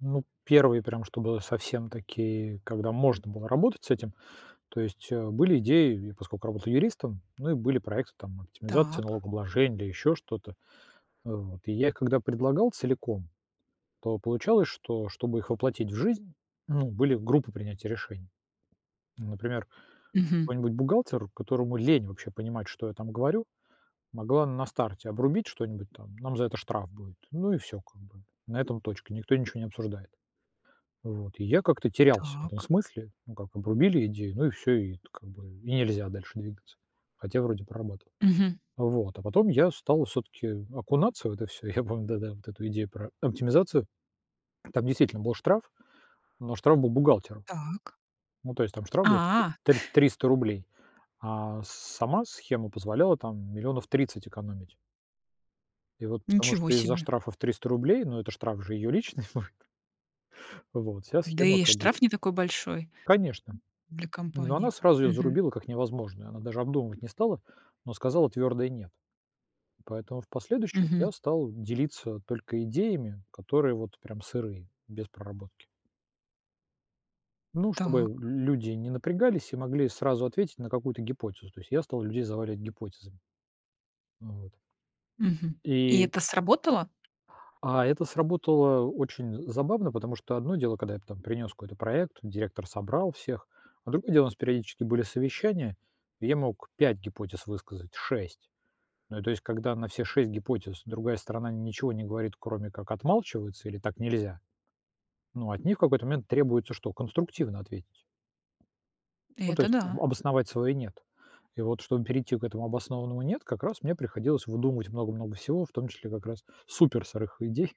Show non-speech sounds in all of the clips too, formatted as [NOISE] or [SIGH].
Ну, 1, прям чтобы совсем такие, когда можно было работать с этим. То есть, э, были идеи, и поскольку работал юристом, ну и были проекты там, оптимизации Так. налогообложения или ещё что-то, вот. И я когда предлагал целиком, то получалось, что чтобы их воплотить в жизнь, ну, были группы принятия решений. Например, Мгм. какой-нибудь бухгалтер, которому лень вообще понимать, что я там говорю, могла на старте обрубить что-нибудь там: "Нам за это штраф будет". Ну и всё как бы, на этом точка, никто ничё не обсуждает. Вот. И я как-то терялся в этом Так. смысле, ну как, обрубили идею, ну и всё, и т как бы, и нельзя дальше двигаться, хотя вроде прорабатывал. Мгм. Вот, а потом я стал всё-таки окунаться в это всё, и я помню, да-да, вот эту идею про оптимизацию. Там действительно был штраф, но штраф был бухгалтеру. Так. Ну, то есть там штраф был [UNINTELLIGIBLE] А. т [CHUCKLES] триста рублей, а с-сама схема позволяла, там, 30000000 экономить. И вот, потому Ничего что из-за себе. штрафа в 300 рублей, ну, это штраф же её личный будет. Вот, вся Да схема и как бы штраф не такой большой, Конечно, для но она компании. сразу ее Мгм. зарубила как невозможное, она даже обдумывать не стала, но сказала твердое "нет", поэтому в последующем я Мгм. стал делиться только идеями, которые вот прям сырые, без проработки. Ну, чтобы Так. люди не напрягались и могли сразу ответить на какую-то гипотезу, то есть я стал людей заваливать гипотезами. Вот. Мгм. И И это сработало? А это сработало очень забавно, потому что одно дело, когда я там принес какой-то проект, директор собрал всех, а другое дело, нас периодически были совещания, и я мог 5 гипотез высказать, 6. Ну, то есть когда на все 6 гипотез другая сторона ничего не говорит, кроме как отмалчивается, или "так нельзя", ну, от них в какой-то момент требуется что? Конструктивно ответить. Ну, то Это есть, да. обосновать свое "нет". И вот чтобы перейти к этому обоснованному "нет", как раз мне приходилось выдумывать много-много всего, в том числе как раз супер сырых идей,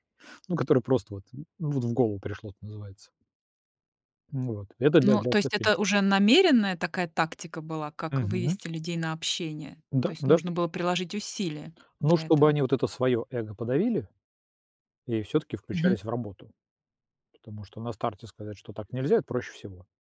ну которые просто, ну, вот, в голову пришло, это называется. Вот, это для Но, для. то есть [UNINTELLIGIBLE] это уже намеренная такая тактика была, как Мгм. вывести людей на общение? То Да, есть да. нужно было приложить усилия Ну для чтобы этого. они вот это свое эго подавили и всё-таки Мгм. включались в работу. Потому что на старте сказать, что так нельзя- это проще всего.